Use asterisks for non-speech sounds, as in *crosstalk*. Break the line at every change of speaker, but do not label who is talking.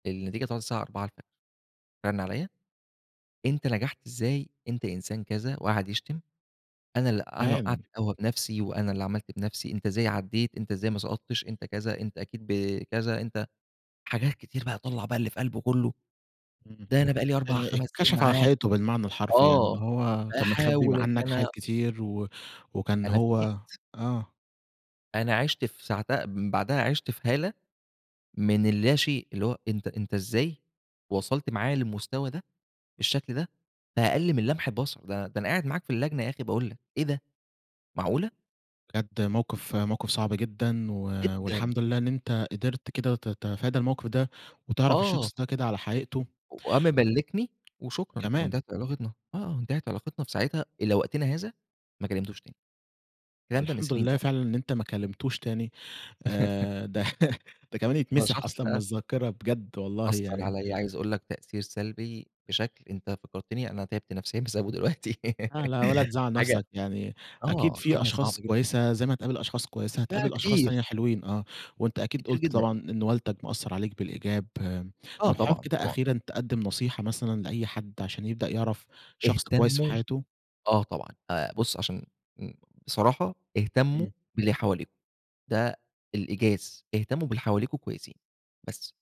النتيجة طلعت الساعة 04:00، رن عليّا، أنت نجحت إزاي؟ أنت إنسان كذا وقعد يشتم أنا ال أنا اللي وقعت
تمام.
القهوة بنفسي وأنا اللي عملت بنفسي، أنت إزاي عديت، أنت إزاي ما سقطتش، أنت كذا، أنت أكيد ب كذا، أنت حاجات كتير بقى طلّع بقى اللي في قلبه كله،
إمم،
ده أنا بقالي أربع،
ات
خمس سنين
اتكشف على
معاك
حقيقته بالمعنى الحرفي يعني
آه،
اللي هو كان مخبِّي
أحاول إن
عنك
أنا
حاجات كتير و وكان
أنا فُوجِئت.
هو آه.
أنا عِشت في ساعتها من بعدها عِشت في هالة من اللا شئ، اللي هو أنت أنت إزاي وصلت معايا للمستوى ده، بالشكل ده في أقل من لمح البصر؟ ده ده أنا قاعد معاك في اللجنة يا أخي باقول لك، إيه ده، معقولة؟
بجد موقف موقف صعب جدًا و
جدًا.
والحمد لله إن أنت قدرت كده ت تتفادى الموقف ده وتعرف
آه.
الشخص ده كده على حقيقته.
وقام مبلكني وشكرًا
كمان.
وانتهت علاقتنا. آه، آه، انتهت علاقتنا في ساعتها إلى وقتنا هذا ما كلمتهوش تاني.
هو
الكلام ده من
الحمد
سنين
لله
طبعًا.
فعلًا إن أنت ما كلمتوش تاني،
*chuckles*
آآ، ده ده كمان
ده
يتمسح
شخص
أصلًا من
بقى
الذاكرة بجد والله
أثّر
يعني.
عليّا عايز أقول لك تأثير سلبي بشكل، أنت فكرتني أنا تعبت نفسيًا بسببه دلوقتي
لا لا، ولا
*giggles*
تزعل
حاجة
نفسك، يعني أكيد
آه،
في
حاجة
أشخاص
صعبة جدًا.
كويسة زي ما هتقابل أشخاص كويسة
لا
هتقابل أشخاص
كتير.
تانية حلوين. آه، وأنت أكيد
كتير
قُلت
جدًا.
طبعًا إن والدك مأثّر عليك بالإيجاب. آآ،
آه،
طب، حابب
طبعًا،
كده
طبعًا.
أخيرًا تقدم نصيحة مثلًا لأي حد عشان يبدأ يعرف شخص كويس في
اهتموا
حياته؟
آه طبعًا، آآ، بُص، عشان ن بصراحة، اهتموا
إمم.
باللي حواليكم. ده الإيجاز، اهتموا باللي حواليكم كويسين بس.